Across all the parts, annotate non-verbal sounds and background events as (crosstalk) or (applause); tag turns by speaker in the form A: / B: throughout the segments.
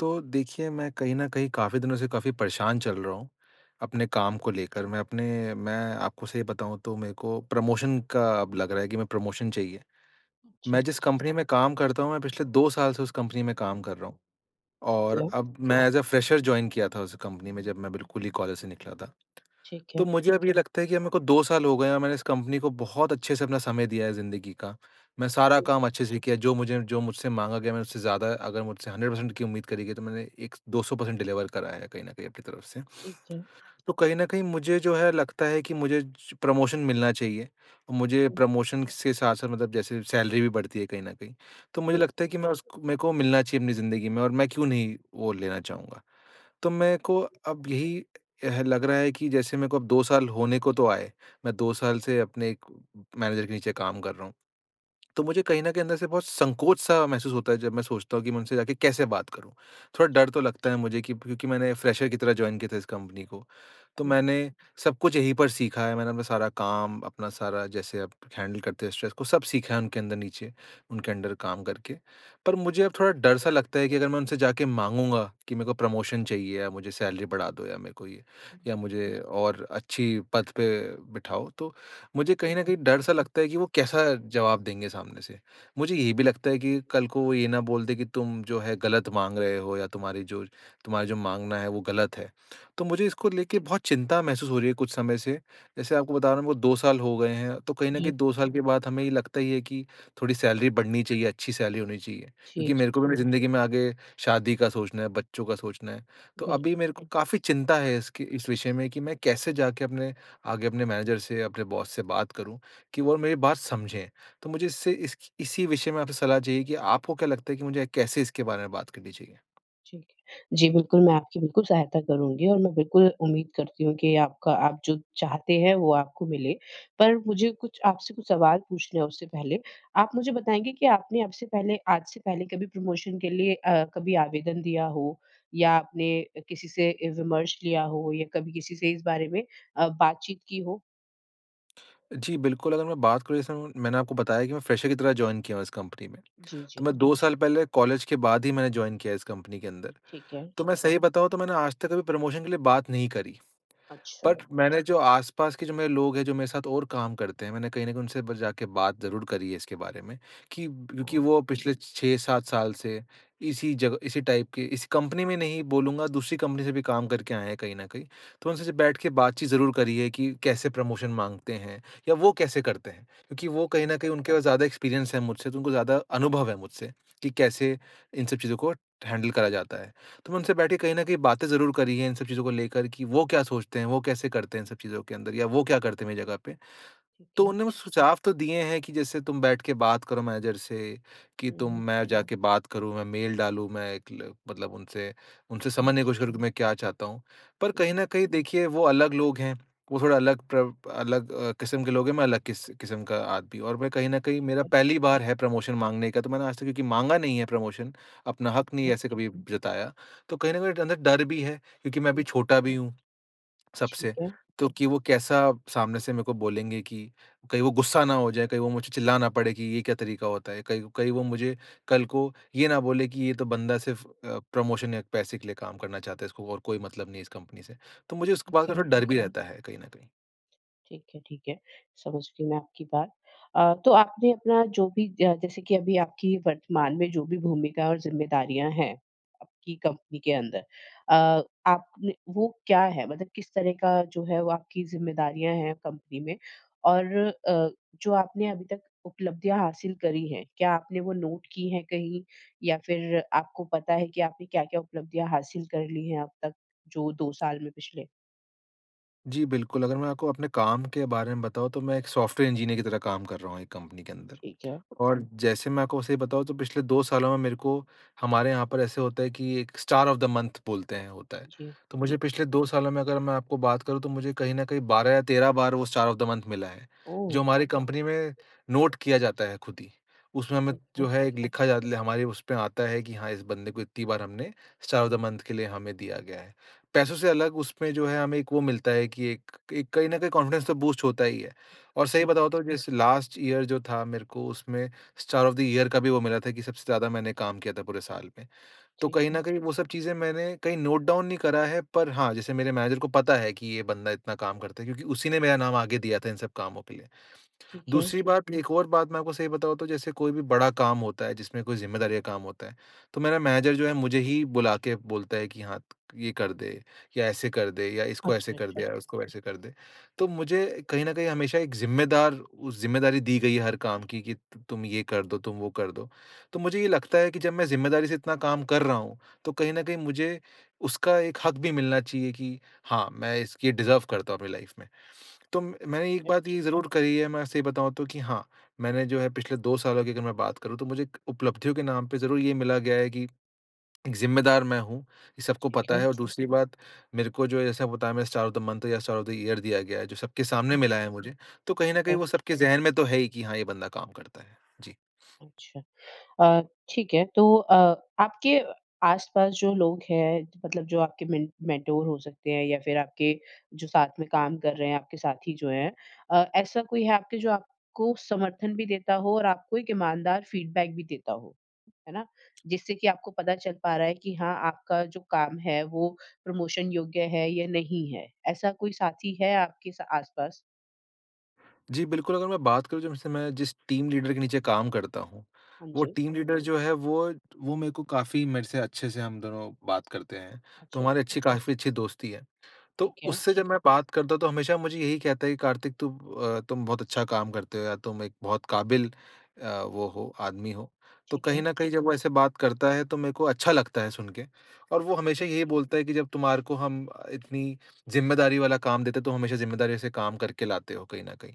A: तो देखिए मैं कहीं न कहीं काफ़ी दिनों से काफ़ी परेशान चल रहा हूँ, अपने काम को लेकर, मैं अपने मैं आपको सही बताऊँ तो मेरे को प्रमोशन का अब लग रहा है कि मैं प्रमोशन चाहिए। मैं
B: अच्छा।
A: जिस कंपनी में काम करता हूँ, मैं पिछले 2 साल से उस कंपनी में काम कर रहा हूँ और
B: क्या?
A: अब मैं एज़ अ, फ्रेशर जॉइन किया था उस कंपनी में, जब मैं बिल्कुल ही कॉलेज से निकला था।
B: ठीक
A: तो
B: है।
A: मुझे अब ये लगता है कि अब मेरे को 2 साल हो गए और मैंने इस कंपनी को बहुत अच्छे से अपना समय दिया है जिंदगी का, मैं सारा
B: जी।
A: काम अच्छे से किया जो मुझे जो मुझसे माँगा गया मैं उससे ज्यादा अगर मुझसे 100% की उम्मीद करी गई तो मैंने एक 200 परसेंट डिलीवर करा है कहीं न कहीं अपनी तरफ से।
B: ठीक है।
A: तो कहीं न कहीं मुझे जो है लगता है कि मुझे जो प्रमोशन मिलना चाहिए। अ, मुझे
B: हुँ।
A: प्रमोशन से साथ-साथ मतलब जैसे सैलरी भी बढ़ती है कहीं न कहीं, तो मुझे
B: बिल्क
A: लगता है कि मैं उस क मेरे को मिलना चाहिए अपनी जिंदगी में और मैं क्यों नहीं वो लेना चाहूँगा? तो मेरे को अब यही ह लग रहा है कि जैसे मेरे को अब 2 साल होने को तो आए, मैं 2 साल से अपने एक मैनेजर के नीचे काम कर रहा हूँ, तो मुझे कहीं न कहीं अंदर से बहुत संकोच सा महसूस होता है जब मैं सोचता हूँ कि मैं उनसे जाके कैसे बात करूँ? थोड़ा डर तो लगता है मुझे कि क्योंकि मैंने फ्रेशर की तरह जॉइन किया था इस कंपनी को, तो
B: हुँ।
A: मैंने सब कुछ यहीं पर सीखा है। मैंने अपना सारा काम, अपना सारा जैसे आप हैंडल करते हैं स्ट्रेस को सब सीखा है उनके अंदर नीचे। उनके अंडर काम करके। पर मुझे अब थोड़ा डर सा
B: (unintelligible)
A: लगता है कि अगर मैं उनसे जाके माँगूँगा कि मेरे को प्रमोशन चाहिए या मुझे सैलरी बढ़ा दो या मेरे को ये, या मुझे और अच्छी पद पे बिठाओ तो मुझे कहीं न
B: (unintelligible)
A: कहीं डर सा लगता है कि वो कैसा जवाब देंगे सामने से। मुझे ये भी लगता है कि कल को वो ये ना बोल दे कि तुम जो है गलत माँग रहे हो या तुम्हारी जो तुम्हारे जो माँगना है वो गलत है, तो मुझे इसको लेके बहुत चिंता महसूस हो रही है कुछ समय से। जैसे आपको बता रहा हूँ मेरे को 2 साल हो गए हैं तो कहीं न
B: जी।
A: कहीं 2 साल के बाद हमें लगता ही है कि थोड़ी सैलरी बढ़नी चाहिए, अच्छी सैलरी होनी चाहिए।
B: जी,
A: क्योंकि
B: जी।
A: मेरे को भी जिंदगी में आगे शादी का सोचना है, बच्चों का सोचना है। तो अभी
B: बिल्कुल।
A: मेरे को काफ़ी चिंता है इसके इस विषय में कि मैं कैसे जाके अपने आगे अपने मैनेजर से अपने बॉस से बात करूँ कि वो मेरी बात समझें। तो मुझे इससे इस इसी विषय में आपसे सलाह चाहिए कि आपको क्या लगता है कि मुझे कैसे इसके बारे में बात करनी चाहिए?
B: ठीक है। जी, बिल्कुल, मैं आपकी बिल्कुल सहायता करूँगी, और मैं बिल्कुल उम्मीद करती हूँ कि आपका आप जो चाहते हैं, वो आपको मिले। पर मुझे कुछ आपसे कुछ सवाल पूछने हैं उससे पहले। आप मुझे बताएँगे कि आपने अब से पहले आज से पहले कभी प्रमोशन के लिए अ, कभी आवेदन दिया हो, या आपने अ, किसी से ए विमर्श लिया हो, या कभी किसी से इस बारे में अ, बातचीत की हो?
A: जी, बिल्कुल। अगर मैं बात करूँ, जैसे ऊँ, मैंने आपको बताया कि मैं फ्रेशर की तरह जॉइन किया हूँ इस कंपनी में।
B: जी,
A: तो
B: जी।
A: मैं 2 साल पहले कॉलेज के बाद ही मैंने जॉइन किया इस कंपनी के अंदर।
B: ठीक है।
A: तो मैं सही बताऊँ, तो मैंने आज तक कभी प्रमोशन के लिए बात नहीं करी। बट
B: अच्छा।
A: मैंने जो आसपास के जो मेरे लोग हैं, जो मेरे साथ और काम करते हैं, मैंने कहीं न कहीं उनसे बर जाके बात ज़रूर करी है इसके बारे में, कि ब क्योंकि
B: ओह!
A: वो पिछले 6-7 साल से इसी जगह इसी टाइप के इस कंपनी में नहीं बोलूँगा, दूसरी कंपनी से भी काम करके आएँ हैं कहीं न कहीं। तो उनसे सिर्फ़ बैठ के बातचीत ज़रूर करी है कि कैसे प्रमोशन माँगते हैं, या वो कैसे करते हैं, क्योंकि
B: ठीक
A: वो कहीं
B: है।
A: न कहीं उनके पास ज़्यादा एक्सपीरियंस है मुझसे, तो उनको ज़्यादा अनुभव है मुझसे कि कैसे इन सब चीजों को हैंडल करा जाता है। तो मैं उनसे बैठ के कहीं न कहीं बातें ज़रूर करी हैं इन सब चीजों को लेकर कि वो क्या सोचते हैं, वो कैसे करते हैं इन सब चीजों के अंदर, या वो क्या करते मेरी जगह पे।
B: ठीक
A: तो
B: है।
A: उन्होंने वो सुझाव तो दिए हैं कि, "जैसे तुम बैठ के बात करो मैनेजर से कि
B: हुँ,
A: तुम"
B: हुँ।
A: मैं जा के बात करूँ, मैं मेल डालूँ, मैं एक ल मतलब उनसे, उनसे
B: ठीक है।
A: समझने की कोशिश करूँ कि मैं क्या चाहता हूँ। पर कहीं न कहीं देखिए, वो अलग लोग हैं, वो थोड़ा अलग प्रव अलग अ, किस्म के लोग हैं, मैं अलग किस किस्म का आदमी हूँ। और मैं कहीं न कहीं
B: ठीक
A: मेरा
B: है।
A: पहली बार है प्रमोशन माँगने का, तो मैंने आज तक क्योंकि माँगा नहीं है प्रमोशन, अपना
B: ठीक
A: हक़ नहीं
B: है।
A: ऐसे कभी ब जताया। तो कहीं न कहीं एक अंदर डर भी है क्योंकि मैं अभी छोटा भी हूँ
B: ठीक
A: सबसे,
B: है।
A: तो कि वो कैसा सामने से मेरे को बोलेंगें, कि कहीं वो गुस्सा ना हो जाएँ, कहीं वो मुझे चिल्ला ना पड़ें कि ये क्या तरीका होता है। कहीं कहीं वो मुझे कल को ये ना बोलें कि, "ये तो बंदा सिर्फ़ अ, प्रमोशन या पैसे के लिए काम करना चाहता है, इसको और कोई मतलब नहीं है इस कंपनी से।" तो मुझे इस को बात
B: ठीक
A: का
B: है।
A: थोड़ा डर भी रहता है कहीं न कहीं।
B: ठीक है, ठीक है, समझ गई मैं आपकी बात। अ, तो आपने अपना जो भी ज जैसे कि अभी आपकी वर्तमान में जो भी भूमिका और ज़िम्मेदारियाँ हैं, आपकी कंपनी के अंदर अ, आपने वो क्या हैं? मतलब किस तरह का जो है, वो आपकी ज़िम्मेदारियाँ हैं कंपनी में और अ, जो आपने अभी तक उपलब्धियाँ हासिल करी हैं, क्या आपने वो नोट की हैं कहीं या फिर आपको पता है कि आपने क्या-क्या उपलब्धियाँ हासिल कर ली हैं अब तक, जो 2 साल में पिछले?
A: जी, बिल्कुल, अगर मैं आपको अपने काम के बारे में बताऊँ, तो मैं एक सॉफ्टवेयर इंजीनियर की तरह काम कर रहा हूँ एक कंपनी के अंदर।
B: ठीक है।
A: और जैसे मैं आपको सही बताऊँ, तो पिछले 2 सालों में मेरे को हमारे यहाँ पर ऐसे होता है कि एक स्टार ऑफ द मंथ बोलते हैं, होता है।
B: जी,
A: तो मुझे
B: बिल
A: पिछले 2 सालों में, अगर मैं आपको बात करूँ, तो मुझे कहीं न कहीं 12 या 13 बार वो स्टार ऑफ द मंथ मिला है,
B: ओह!
A: जो हमारी कंपनी में नोट किया जाता है खुद ही। उसमें मैं,
B: ठीक
A: जो
B: है।
A: है, एक लिखा जा ले हमारे उसमें आता है कि, "हाँ, इस बंदे को इतनी बार हमने स्टार ऑफ द मंथ के लिए हमें दिया गया है।" पैसों से अलग उसमें जो है, हमें एक वो मिलता है कि एक एक कहीं न कहीं कॉन्फ़िडेंस तो बूस्ट होता ही है और
B: जी,
A: सही
B: हाँ।
A: बताऊँ, तो जैसे लास्ट ईयर जो था, मेरे को उसमें स्टार ऑफ द ईयर का भी वो मिला था कि सबसे ज़्यादा मैंने काम किया था पूरे साल में। तो
B: ठीक
A: कहीं
B: है।
A: न कहीं वो सब चीज़ें मैंने कहीं नोट डाउन नहीं करा है, पर हाँ, जैसे मेरे मैनेजर को पता है कि ये बंदा इतना काम करता है, क्योंकि उसी ने मेरा नाम आगे दिया था, इन सब कामों के लिए।
B: ठीक है।
A: दूसरी बात, एक और बात मैं आपको सही बताऊँ, तो जैसे कोई भी बड़ा काम होता है, जिसमें कोई ज़िम्मेदारी का काम होता है, तो मेरा मैनेजर जो है, मुझे ही बुला के बोलता है कि, "हाँ, ये कर दे या ऐसे कर दे या इसको ऐसे
B: अच्छा,
A: कर दे
B: अच्छा।
A: या उसको वैसे कर दे।" तो मुझे कहीं न कहीं हमेशा एक ज़िम्मेदार उ ज़िम्मेदारी दी गई है हर काम की, कि, "त तुम ये कर दो, तुम वो कर दो।" तो मुझे ये लगता है कि जब मैं ज़िम्मेदारी से इतना काम कर रहा हूँ, तो कहीं न कहीं मुझे उसका एक हक भी मिलना चाहिए कि हाँ, मैं इसक ये डिज़र्व करता हूँ अपनी लाइफ़ में। तो म
B: ठीक
A: मैंने एक
B: है।
A: बात ये ज़रूर करी है, मैं सही बताऊँ, तो कि हाँ, मैंने जो है, पिछले 2 सालों की अगर मैं बात करूँ, तो मुझे एक उपलब्धियों के नाम पे ज़रूर ये मिला गया है कि एक ज़िम्मेदार मैं हूँ, ये सबको
B: ठीक
A: पता
B: है।
A: है और दूसरी बात, मेरे को जो, जैसा आपको बताया मैंने, स्टार ऑफ द मंथ या स्टार ऑफ द ईयर दिया गया है, जो सबके सामने
B: (unintelligible)
A: मिला है मुझे। तो कहीं
B: ठीक
A: न कहीं वो
B: है।
A: सबके ज़हन में तो है ही कि, "हाँ, ये बंदा काम करता है।" जी।
B: अच्छा। अ, ठीक है, तो अ, आपके आसपास जो लोग हैं, मतलब जो आपके मेंट मेंटोर हो सकते हैं या फिर आपके जो साथ में काम कर रहे हैं, आपके साथी जो हैं अ, ऐसा कोई है आपके, जो आपको समर्थन भी देता हो और आपको एक ईमानदार फ़ीडबैक भी देता हो, है ना? जिससे कि आपको पता चल पा रहा है कि हाँ, आपका जो काम है, वो प्रमोशन योग्य है या नहीं है? ऐसा कोई साथी है आपके स आसपास?
A: जी, बिल्कुल, अगर मैं बात करूँ, जब से मैं जिस टीम लीडर के नीचे काम करता हूँ,
B: हाँ
A: वो
B: जी।
A: टीम लीडर जो है, वो वो मेरे को काफ़ी मेरे से अच्छे से हम दोनों बात करते हैं। तो
B: अच्छा, अच्छा।
A: हमारी अच्छी, काफ़ी अच्छी दोस्ती है। तो
B: ठीक है।
A: उससे जब मैं बात करता हूँ, तो हमेशा मुझे यही कहता है कि, "कार्तिक तुम अ, तुम बहुत अच्छा काम करते हो या तुम एक बहुत काबिल अ, वो हो, आदमी हो।" तो
B: ठीक
A: कहीं
B: है।
A: न कहीं जब वो ऐसे बात करता है, तो मेरे को अच्छा लगता है सुन के और वो
B: ठीक
A: हमेशा
B: है।
A: यही बोलता है कि, "जब तुम्हारे को हम इतनी ज़िम्मेदारी वाला काम देते हैं, तुम हमेशा ज़िम्मेदारियों से काम करके लाते हो, कहीं न कहीं।"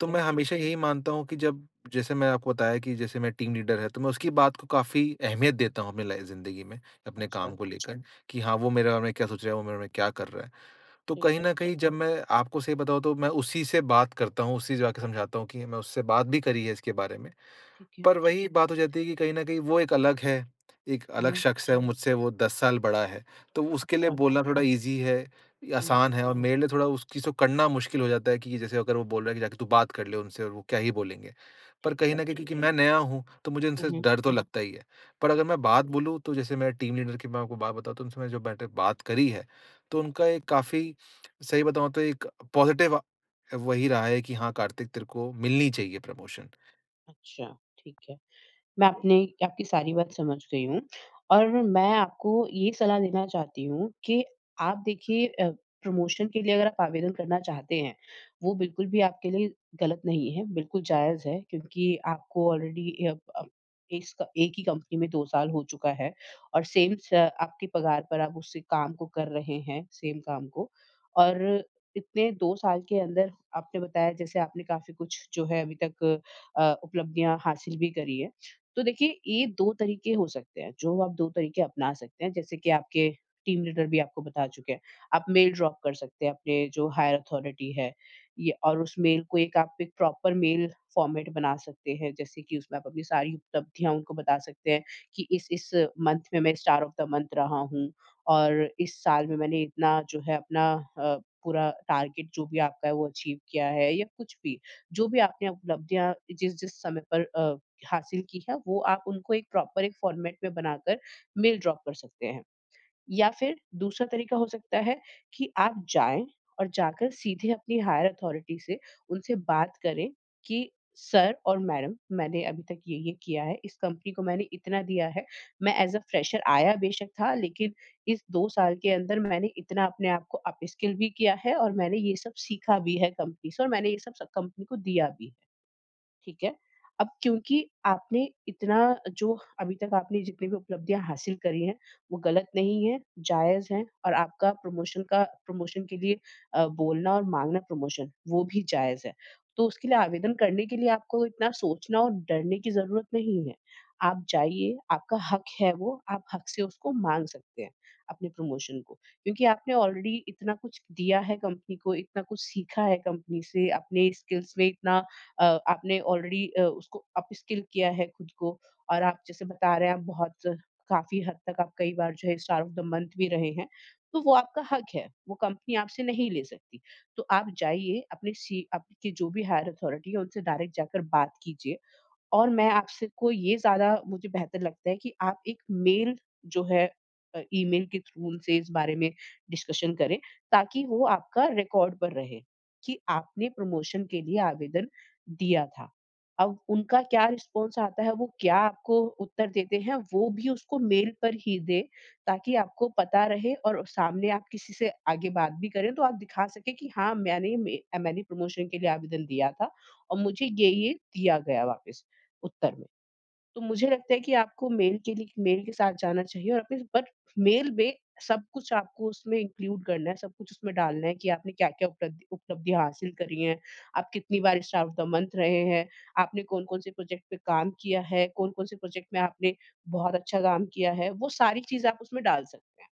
A: तो मैं
B: है।
A: हमेशा यही मानता हूँ कि जब जैसे मैं आपको बताया कि जैसे मेरा टीम लीडर है, तो मैं उसकी बात को काफ़ी अहमियत देता हूँ अपनी लाइ ज़िंदगी में, अपने काम
B: अच्छा।
A: को लेकर, कि, "हाँ, वो मेरे बारे में क्या सोच रहे हैं? वो मेरे बारे में क्या कर रहा है?" तो
B: ठीक
A: कहीं
B: है।
A: न कहीं जब मैं आपको सही बताऊँ, तो मैं उसी से बात करता हूँ, उसे ही जाके समझाता हूँ कि मैं उससे बात भी करी है इसके बारे में।
B: ठीक है।
A: पर वही बात हो जाती है कि कहीं न कहीं वो एक अलग है। एक अलग
B: हाँ।
A: शख्स है, मुझसे वो 10 साल बड़ा है, तो उसके लिए
B: अच्छा।
A: बोलना थोड़ा ईज़ी है,
B: हुँ।
A: आसान है और मेरे लिए थोड़ा उस चीज़ को करना मुश्किल हो जाता है कि जैसे अगर वो बोल रहा है कि, "जाके तू बात कर ले उनसे और वो क्या ही बोलेंगे?" पर
B: ठीक
A: कहीं
B: है।
A: न कहीं क्योंकि मैं नया हूँ, तो मुझे
B: हुँ,
A: उनसे
B: हुँ।
A: डर तो लगता ही है। पर अगर मैं बात बोलूँ, तो जैसे मेरा टीम लीडर की मैं आपको बात बताऊँ, तो उनसे मैंने जो बैठ के बात करी है, तो उनका एक काफ़ी सही बताऊँ, तो एक पॉज़िटिव अ, वही रहा है कि, "हाँ, कार्तिक तेरे को मिलनी चाहिए प्रमोशन।"
B: अच्छा, ठीक है। मैं अपनी आपकी सारी बात समझ गई हूँ और मैं आपको ये सलाह देना चाहती हूँ कि आप देखिए अ, प्रमोशन के लिए अगर आप आवेदन करना चाहते हैं, वो बिल्कुल भी आपके लिए ग़लत नहीं है, बिल्कुल जायज़ है। क्योंकि आपको ऑलरेडी यप अप एस एक ही कंपनी में 2 साल हो चुका है और सेम स आपके पगार पर उस काम को कर रहे हैं, सेम काम को। और इतने 2 साल के अंदर आपने बताया, जैसे आपने काफ़ी कुछ जो है अभी तक अ, उपलब्धियाँ हासिल भी करी है। तो देखिए, ये दो तरीके हो सकते हैं, जो आप दो तरीके अपना सकते हैं, जैसे कि आपके टीम लीडर भी आपको बता चुके हैं। आप मेल ड्रॉप कर सकते हैं अपने जो हायर अथॉरिटी है या और उस मेल को आप एक प्रॉपर मेल फ़ॉर्मेट बना सकते हैं। जैसे कि उसमें आप अपनी सारी उपलब्धियाँ उनको बता सकते हैं कि इस इस मंथ में, मैं स्टार ऑफ़ मंथ रहा हूँ। और इस साल में मैंने इतना जो है अपना अ, पूरा टारगेट जो भी आपका है, वो अचीव किया है या कुछ भी, जो भी आपने उपलब्धियाँ जिस-जिस समय पर अ, हासिल की है, वो आप उनको एक प्रॉपर एक फ़ॉर्मेट में बनाकर मेल ड्रॉप कर सकते हैं। या फ़िर दूसरा तरीका हो सकता है कि आप जाएँ और जाकर सीधे अपनी हायर अथॉरिटी से उनसे बात करे कि सर और मैडम मैंने अभी तक ये-ये किया है। इस कंपनी को मैंने इतना दिया है। मैं ऐज़ अ फ्रेशर आया बेशक था, लेकिन इस 2 साल के अंदर मैंने इतना अपने आप को अपस्किल भी किया है और मैंने ये सब सीखा भी है कंपनी से और मैंने ये सब सब कंपनी को दिया भी। ठीक है। अब क्योंकि आपने इतना जो अभी तक आपने जितनी भी उपलब्धियाँ हासिल करी है, वो ग़लत नहीं है, जायज़ है और आपका प्रमोशन का प्रमोशन के लिए अ, बोलना और माँगना प्रमोशन, वो भी जायज़ है। तो उसके लिए आवेदन करने के लिए आपको इतना सोचना और डरने की ज़रूरत नहीं है। आप जाइए, आपका हक है वो आप हक से उसको माँग सकते हैं अपने प्रमोशन को, क्योंकि आपने ऑलरेडी इतना कुछ दिया है कंपनी, इतना कुछ सीखा है कंपनी से, अपने स्किल्स में इतना अ, आपने ऑलरेडी अ, उसको अपस्किल किया है खुद को और आप जैसे बता रहे हैं आप बहुत काफ़ी हद तक आप कई बार जो है स्टार ऑफ़ मंथ भी रहे हैं। तो वो आपका हक है, वो कंपनी आपसे नहीं ले सकती। तो आप जाइए अपने सी आपके जो भी हायर अथॉरिटी है उनसे डायरेक्ट जाकर बात कीजिए और मैं आपसे को ये ज़्यादा मुझे बेहतर लगता है कि आप एक मेल जो है अ, ईमेल के थ्रू से इस बारे में डिस्कशन करें, ताकि वो आपका रिकॉर्ड पर रहे कि आपने प्रमोशन के लिए आवेदन दिया था। अब उनका क्या रिस्पॉन्स आता है, वो क्या आपको उत्तर देते हैं, वो भी उसको मेल पर ही दे ताकि आपको पता रहे और सामने आप किसी से आगे बात भी करे, तो आप दिखा सके कि हाँ मैंने में मैंने प्रमोशन के लिए आवेदन दिया था और मुझे ये-ये दिया गया वापस उत्तर में। तो मुझे लगता है कि आपको मेल के लिए मेल के साथ जाना चाहिए और इस बट मेल में सब कुछ आपको उसमें इंक्लूड करना है। सब कुछ उसमें डालना है कि आपने क्या-क्या उपलब्धि उपलब्धियाँ हासिल करी हैं। आप कितनी बार स्टार ऑफ़ मंथ रहे हैं? आपने कौन-कौन से प्रोजेक्ट पे काम किया है। कौन-कौन से प्रोजेक्ट में आपने बहुत अच्छा काम किया है? वो सारी चीज़ें उसमें डाल सकते हैं।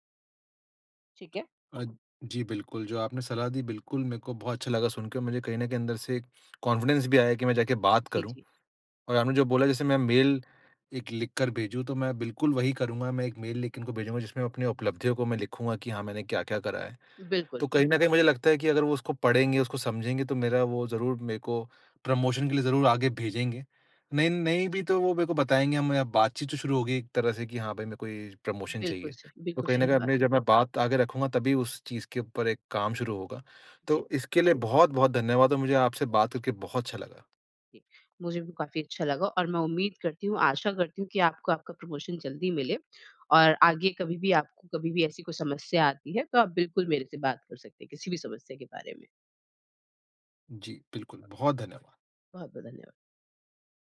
B: ठीक है।
A: अ, जी बिल्कुल, जो आपने सलाह दी बिल्कुल मेरे को बहुत अच्छा लगा सुन के मुझे कहीं न कहीं अंदर से एक (clicks tongue) कॉन्फिडेंस भी आया कि मैं जाके बात
B: जी,
A: करूँ।
B: जी।
A: और आपने जो बोला जैसे मैं मेल एक लिख कर भेजूँ, तो मैं बिल्कुल वही करूँगा। मैं एक मेल लिख के उनको भेजूँगा, जिसमें मैं अपनी उपलब्धियों को मैं लिखूँगा कि हाँ मैंने क्या-क्या करा है।
B: बिल्कुल।
A: तो कहीं न कहीं मुझे लगता है कि अगर वो उसको पढ़ेंगे, उसको समझेंगे, तो मेरा वो ज़रूर मेरे को प्रमोशन के लिए ज़रूर आगे भेजेंगे। नहीं
B: जी।
A: नहीं भी तो वो मेरे को बताएँगे, हम बातचीत तो शुरू होगी एक तरह से कि हाँ भाई मेरे को ये प्रमोशन
B: बिल्कुल
A: चाहिए।
B: सही,
A: तो
B: बिल्कुल
A: कहीं न
B: सही
A: कहीं
B: बात।
A: अपने जब मैं बात आगे रखूँगा तभी उस चीज़ के ऊपर एक काम शुरू होगा।
B: जी।
A: तो इसके लिए बहुत-बहुत धन्यवाद और मुझे आपसे बात करके बहुत अच्छा लगा।
B: इ मुझे भी काफ़ी अच्छा लगा और मैं उम्मीद करती हूँ, आशा करती हूँ कि आपको आपका प्रमोशन जल्दी मिले। और आगे कभी भी आपको कभी भी ऐसी कोई समस्या आती है तो आप बिल्कुल मेरे से बात कर सकते हैं किसी भी समस्या के बारे में।
A: जी। बिल्कुल, बहुत धन्यवाद।
B: बहुत, बहुत धन्यवाद।